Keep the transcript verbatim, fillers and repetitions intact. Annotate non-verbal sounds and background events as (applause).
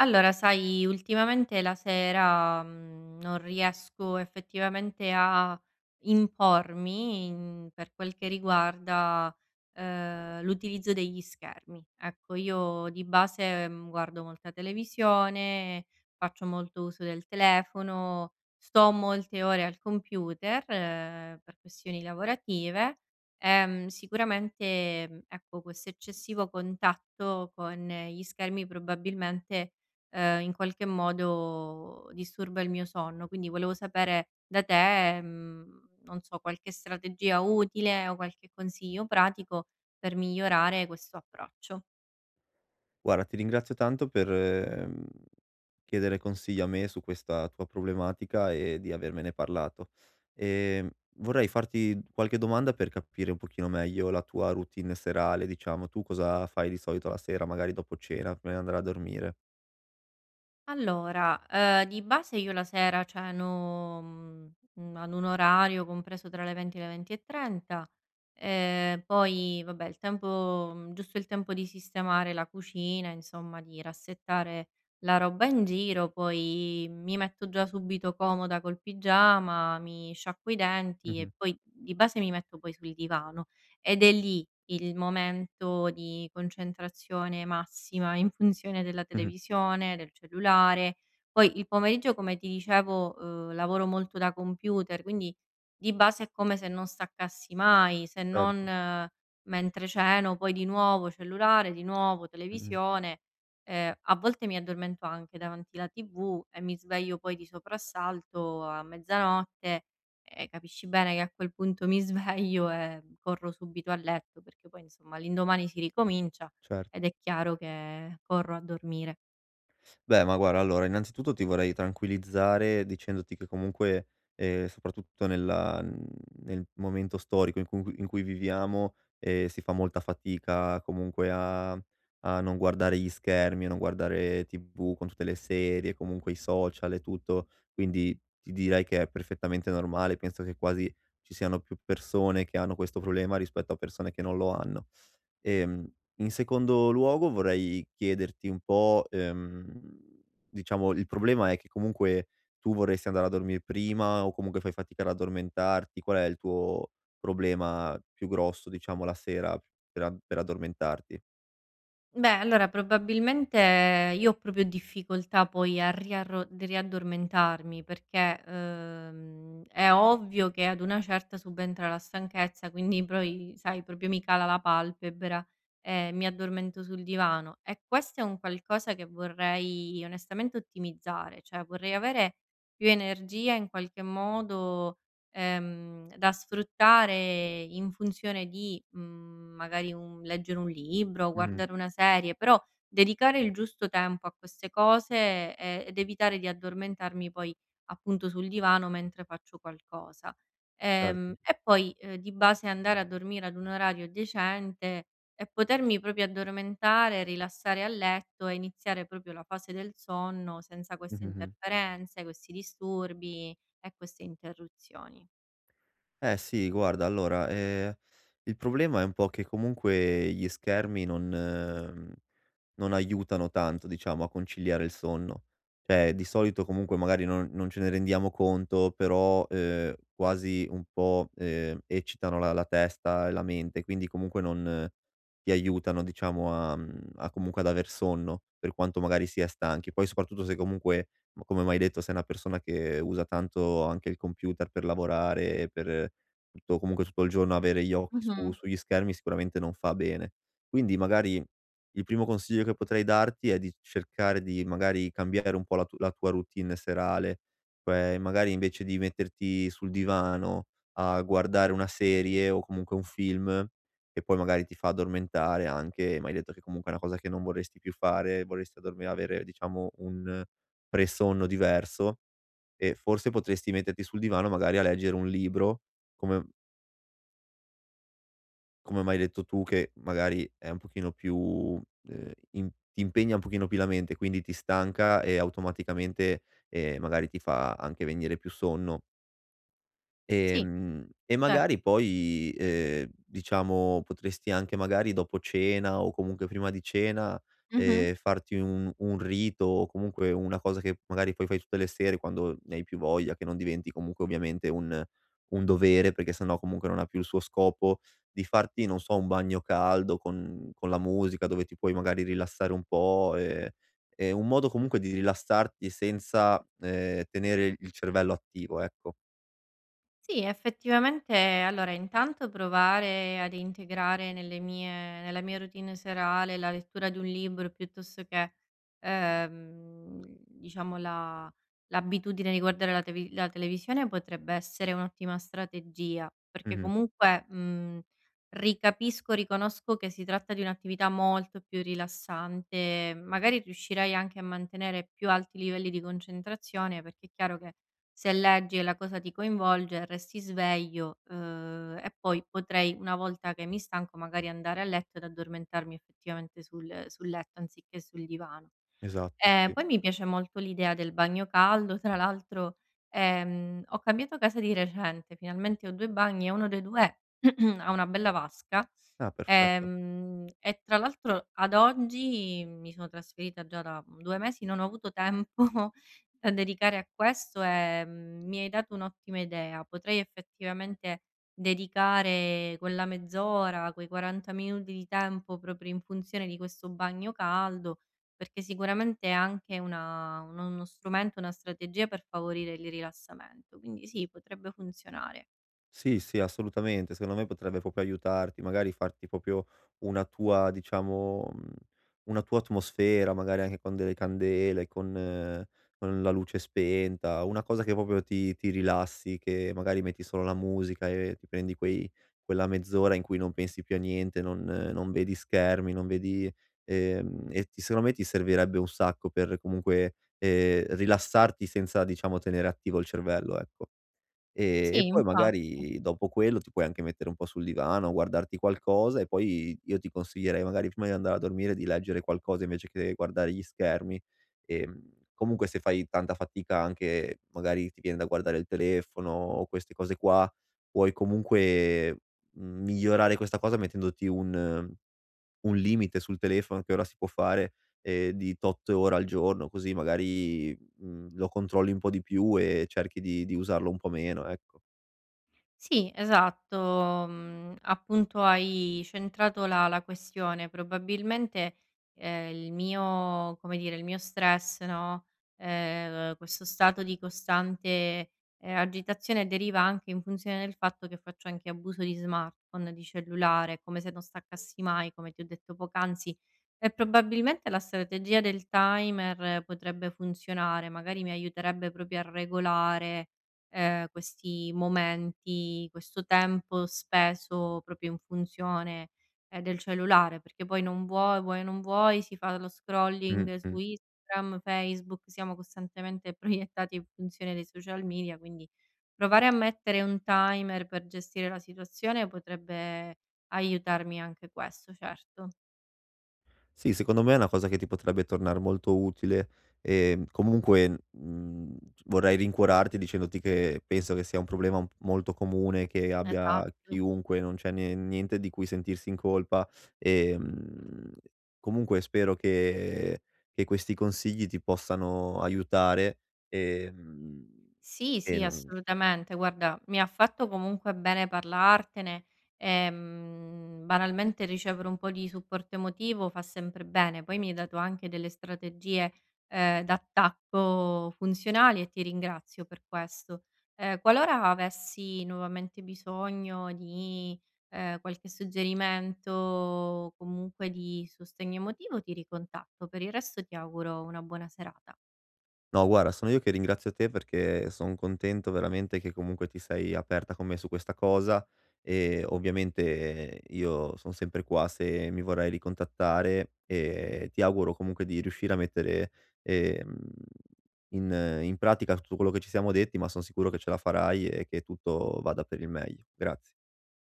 Allora sai ultimamente la sera, mhmm, non riesco effettivamente a impormi per quel che riguarda, ehm, l'utilizzo degli schermi. Ecco io di base, ehm, guardo molta televisione, faccio molto uso del telefono, sto molte ore al computer, ehm, per questioni lavorative, ehm, sicuramente ecco, questo eccessivo contatto con gli schermi probabilmente, ehm, in qualche modo disturba il mio sonno. Quindi volevo sapere da te, mhmm, non so, qualche strategia utile o qualche consiglio pratico per migliorare questo approccio. guara, ti ringrazio tanto per, mhmm, chiedere consigli a me su questa tua problematica e di avermene parlato. Ehm, vorrei farti qualche domanda per capire un pochino meglio la tua routine serale. Diciamo, tu cosa fai di solito la sera, magari dopo cena, prima di andare a dormire? Allora, ehm, di base io la sera ceno, mhmm, mhmm, a un orario compreso tra le venti e le venti e trenta. Ehm, poi vabbè il tempo giusto il tempo di sistemare la cucina, insomma, di rassettare la roba in giro, poi mi metto già subito comoda col pigiama, mi sciacquo i denti Mh-mh. e poi di base mi metto poi sul divano. Ed è lì il momento di concentrazione massima in funzione della Mh-mh. televisione, del cellulare Poi il pomeriggio come ti dicevo, ehm, lavoro molto da computer, quindi di base è come se non staccassi mai se Certo. non mentre ceno. Poi di nuovo cellulare, di nuovo Mh-mh. televisione, ehm, a volte mi addormento anche davanti la tv e mi sveglio poi di soprassalto a mezzanotte. Eh, capisci bene che a quel punto mi sveglio e corro subito a letto perché poi, insomma, l'indomani si ricomincia Cer ed è chiaro che corro a dormire. Beh, ma guara, allora, innanzitutto ti vorrei tranquillizzare dicendoti che comunque, ehm, soprattutto nella, mhmm, nel momento storico, in cu in cui viviamo, ehm, si fa molta fatica comunque a a non guardare gli schermi, a non guardare tv con tutte le serie, comunque i social e tutto. Quindi ti direi che è perfettamente normale, penso che quasi ci siano più persone che hanno questo problema rispetto a persone che non lo hanno. Ehm, in secondo luogo vorrei chiederti un po' ehm, diciamo il problema è che comunque tu vorresti andare a dormire prima o comunque fai fatica ad addormentarti, qual è il tuo problema più grosso diciamo la sera pe per addormentarti? Beh, allora probabilmente io ho propio difficoltà poi a riarro riaddormentarmi, perché, uhm, è ovvio che ad una certa subentra la stanchezza, quindi poi sai proprio mi cala la palpebra, ehm, mi addormento sul divano e questo è un qualcosa che vorrei onestamente ottimizzare. ceh vorrei avere più energia in qualche modo, ehm, da sfruttare in funzione di, mhmm, magari un leggere un libro, Mh-mh. guardare una serie, però dedicare il giusto tempo a queste cose, ehm, ed evitare di addormentarmi poi appunto sul divano mentre faccio qualcosa. Ehm, Erto. e poi, ehm, di base andare a dormire ad un orario decente e potermi propio addormentare, rilassare a letto e iniziare propio la fase del sonno senza queste Mh-mh, mh. interferenze, questi disturbi e queste interruzioni. Eh sì, guarda allora, ehm, il problema è un po' che comunque gli schermi non non aiutano tanto diciamo a conciliare il sonno. ceh di solito comunque magari non non ce ne rendiamo conto però, ehm, quasi un po', ehm, eccitano la la testa e la mente quindi comunque non ti aiutano diciamo a, mhmm, a comunque ad aver sonno, per quanto magari si è stanchi. Poi soprattutto se comunque m come m'hai detto sei una persona che usa tanto anche il computer per lavorare e per tutto comunque tutto il giorno avere gli occhi su Mh-mh. sugli schermi sicuramente non fa bene. Quindi magari il primo consiglio che potrei darti è di cercare di magari cambiare un po' la tu la tua routine serale, cioè magari invece di metterti sul divano a guardare una serie o comunque un film che poi magari ti fa addormentare anche- m'hai detto che comunque è una cosa che non vorresti più fare, vorresti dormi avere diciamo un pre-sonno diverso- ehm, forse potresti metterti sul divano magari a leggere un libro come come m'hai detto tu che magari è un pochino più, ehm, ti ti impegna un pochino più la mente, quindi ti stanca e automaticamente, ehm, magari ti fa anche venire più sonno. Sì. Ehm, e Certo. magari poi, ehm, diciamo, potresti anche magari, dopo cena o comunque prima di cena, Mh-mh. ehm, farti un un rito o comunque una cosa che magari poi fai tutte le sere, quando ne hai più voglia, che non diventi comunque ovviamente un un dovere, perché sennò comunque non ha più il suo scopo, di farti, non so, un bagno caldo con, mhmm, con la musica dove ti puoi magari rilassare un po', ehm, è un modo comunque di rilassarti senza, ehm, tenere il cervello attivo ecco. Sì effettivamente allora, intanto provare ad integrare nelle mie nella mia routine serale la lettura di un libro, piuttosto che, ehm, diciamo la l'abitudine di guardare la teve la televisione potrebbe essere un'ottima strategia, perché Mh-mh. comunque, mhmm, ri capisco, riconosco che si tratta di un'attività molto più rilassante, mhmm, magari riuscirei a mantenere più alti i livelli di concentrazione, perché è chiaro che, se leggi e la cosa ti coinvolge resti sveglio, uhm, e poi potrei una volta che mi stanco magari andare a letto ed addormentarmi effettivamente sul sul letto anziché sul divano. Esatto, Ehm, sì. poi mi piace molto l'idea del bagno caldo. Tra l'altro, ehm, ho cambiato casa di recente finalmente ho due bagni e uno dei due (clears throat) ha una bella vasca, Ah, perfetto. ehm, e tra l'altro ad oggi mi sono trasferita già da due mesi, non ho avuto tempo da dedicare a questo, ehm, mi hai dato un'ottima idea. Potrei effettivamente dedicare quella mezz'ora, quei quaranta minuti di tempo proprio in funzione di questo bagno caldo, perché sicuramente è anche una un uno strumento, una strategia per favorire il rililassamento. Quindi sì potrebbe funzionare. Sì, sì, assolutamente. Secondo me potrebbe propio aiutarti. Magari farti propio una tua diciamo, mhmm, una tua atmosfera, magari anche con delle candele, con con la luce spenta, una cosa che popio ti ti rilassi, che magari metti solo la musica e ti prendi quei quella mezz'ora in cui non pensi più a niente, non non vedi schermi, non vedi, ehm, e ti secondo me ti servirebbe un sacco per comunque, ehm, rilassarti senza diciamo tenere attivo il cervello, ecco. Ehm, Sì, e poi infatti. magari dopo quello, ti puoi anche mettere un po' sul divano, guardarti qualcosa e poi, io ti consiglierei, magari prima di andare a dormire, di leggere qualcosa invece che guardare gli schermi. Che, mhmm, comunque se fai tanta fatica anche, magari ti viene da guardare il telefono o queste cose qua, puoi comunque migliorare questa cosa mettendoti un un limite sul telefono, che ora si può fare, ehm di tot ore al giorno, così magari, mhmm, lo controlli un po' di più e cerchi di-di usarlo un po' meno. Ecco. Sì esatto, mhmm, appunto hai centrato la la questione. Probabilmente, ehm, il mio come dire, il mio stress no, ehm, questo stato di costante, ehm, agitazione deriva anche in funzione del fatto che faccio anche abuso di smartphone, di cellulare, come se non staccassi mai, come ti ho detto poc'anzi, e probabilmente la strategia del timer potrebbe funzionare. Magari mi aiuterebbe propio a regolare, ehm, questi momenti, questo tempo speso propio in funzione, ehm, del cellulare, perché poi non vuoi vuoi, non vuoi, si fa lo scrolling su Mh-mh. Instagram, Facebook, siamo costantemente proiettati in funzione dei social media. Quindi provare a mettere un timer per gestire la situazione potrebbe aiutarmi anche questo, certo. Sì, secondo me è una cosa che ti potrebbe tornare molto utile. Ehm, comunque, mhmm, c vorrei rincuorarti dicendoti che penso che sia un problema un p molto comune che abbia Esatto. chiunque, non c'è nie niente di cui sentirsi in colpa, ehm, comunque spero che che questi consigli ti possano aiutare, ehm, Sì, e sì, non assolutamente guarda, mi ha fatto comunque bene parlartene, ehm, banalmente ricevere un po' di supporto emotivo fa sempre bene. Poi mi hai dato anche delle strategie, ehm, d'attacco funzionali e ti ringrazio per questo. Ehm, qualora avessi nuovamente bisogno di, ehm, qualche suggerimento, comunque di sostegno emotivo ti ricontatto. Per il resto ti auguro una buona serata. No guara, sono io che ringrazio te perché son contento veramente che comunque ti sei aperta con me su questa cosa, e ovviamente io son sempre qua se mi vorrei ricontattare. E ti auguro comunque di riuscire a mettere, ehm, in in pratica tutto quello che ci siamo detti, ma sono sicuro che ce la farai e che tutto vada per il meglio. Grazie.